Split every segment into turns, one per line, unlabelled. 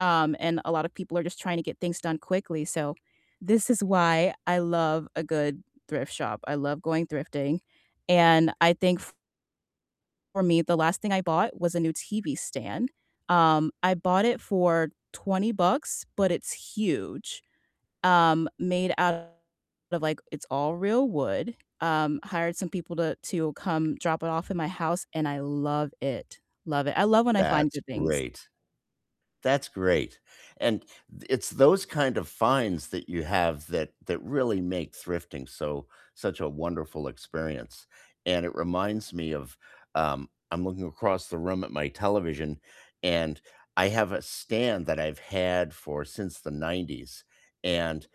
Um, and a lot of people are just trying to get things done quickly. So this is why I love a good thrift shop, I love going thrifting, and I think f for me, the last thing I bought was a new TV stand, um, I bought it for 20 bucks, but it's huge. Um, made out of, like it's all real wood, um, hired some people to to come drop it off at my house and I love it. Love it, I love when I find
That's
good things.
great. That's great, and th it's those kind of finds that you have that that really make thrifting so such a wonderful experience, and it reminds me of, um, I'm looking across the room at my television and I have a stand that I've had for since the '90s, and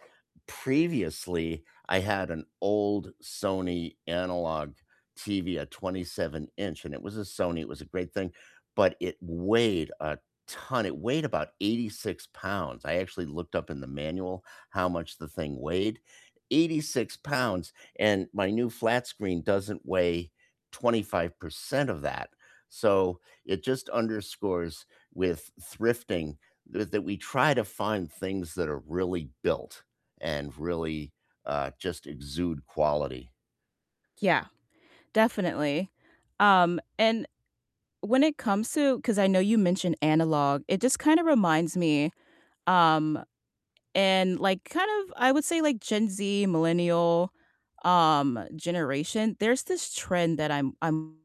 previously, I had an old Sony analog TV, a 27 inch, and it was a Sony, it was a great thing, but it weighed a ton- It weighed about 86 pounds- I actually looked up in the manual how much the thing weighed. 86 pounds, and my new flat screen doesn't weigh 25% of that. So it just underscores with thrifting th that we try to find things that are really built and really, uh, just exude quality.
Yeah, definitely. Um, and when it comes to 'cause I know you mentioned analog, it just kinda reminds me, um, and, like, kind of, I would say like Gen Z, millennial, um, generation, there's this trend that I'm I'm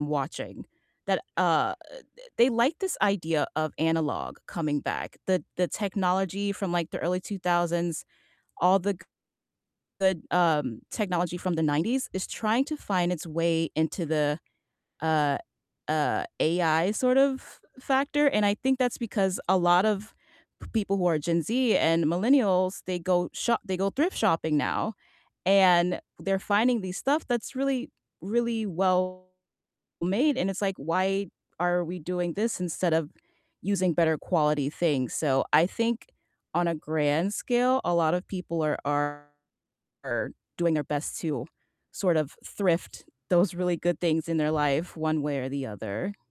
watching that, uh, uh, th they like this idea of analog coming back. The the technology from, like, the early 2000s, all the g good the, um, technology from the '90s is trying to find its way into the, uh, uh, AI sort of factor, and I think that's because a lot of people who are Gen Z and millennials, they go sho they go thrift shopping now, and they're finding the stuff that's really, really well made, and it's like, "Why are we doing this instead of using better quality things?" So I think on a grand scale, a lot of people are are doing their best to sort of thrift those really good things in their life one way or the other.